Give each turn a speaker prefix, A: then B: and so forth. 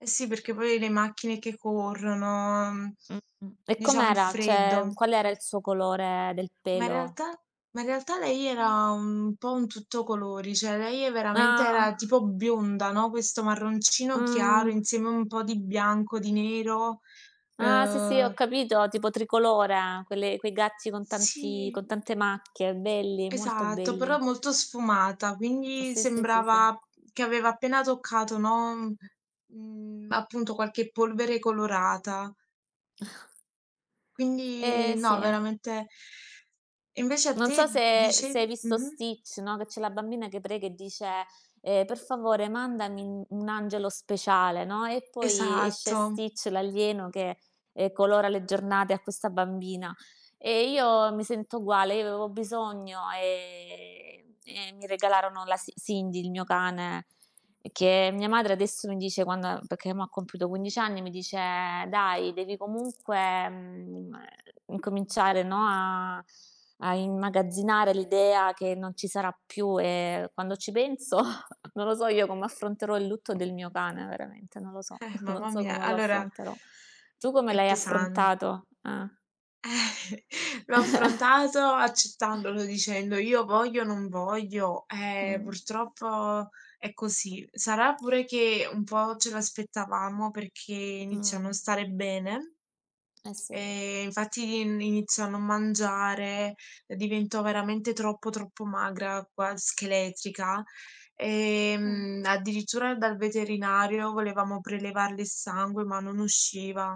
A: Eh, sì. Perché poi le macchine che corrono, mhmm,
B: Mh-mh. E
A: diciamo il
B: com'era? Cioè,
A: freddo.
B: qual era il suo colore del
A: Ma in
B: pelo?
A: realtà ma in realtà lei
B: Mh.
A: era un po' un tutto colori, cioè lei veramente era
B: Ah.
A: tipo bionda, no, questo marroncino chiaro
B: Mh.
A: insieme a un po' di bianco, di nero.
B: Ah sì, sì, ho
A: Uhm
B: capito, tipo tricolore. Quelle quei gatti con tanti
A: Sì.
B: con tante macchie, belli, molto
A: Esatto, però
B: belli.
A: molto sfumata, quindi
B: Sì, sì, sì, sì.
A: sembrava che aveva appena toccato, no, mhmm, mhmm, appunto qualche polvere colorata.
B: Eh,
A: Quindi
B: sì
A: no,
B: eh.
A: veramente Invece a
B: Non
A: te,
B: so se se hai
A: dicevi
B: visto
A: mh-mh.
B: Stitch, no, che c'è la bambina che prega e dice, ehm: "Per favore, mandami un un angelo speciale." No, e poi esce
A: Esatto.
B: Stitch, l'alieno, che, ehm, colora le giornate a questa bambina. E io mi sento uguale, io avevo bisogno, ehm, e mi regalarono la Ci Cindy, il mio cane, che mia madre adesso mi dice, quando perché mo' ha compiuto 15 anni, mi dice: "Dai, devi comunque, mhmm, ehm, incominciare, no, a a immagazzinare l'idea che non ci sarà più". E quando ci penso non lo so io come affronterò il lutto del mio cane, veramente, non lo so,
A: Eh,
B: non
A: mamma
B: so
A: mia.
B: come lo
A: Allora
B: affronterò. Tu come
A: è
B: l'hai
A: pesan
B: affrontato? Ah.
A: L'ho affrontato accettandolo, dicendo: "Io voglio, non voglio, eh,
B: Mh.
A: purtroppo è così." Sarà pure che un po' ce lo aspettavamo, perché iniziò a non
B: Mh.
A: stare bene,
B: Eh, sì.
A: ehm, infatti ini iniziò a non mangiare, uhm, diventò veramente troppo, troppo magra, quas scheletrica. Ehm,
B: Mh.
A: addirittura dal veterinario volevamo prelevarle il sangue ma non usciva.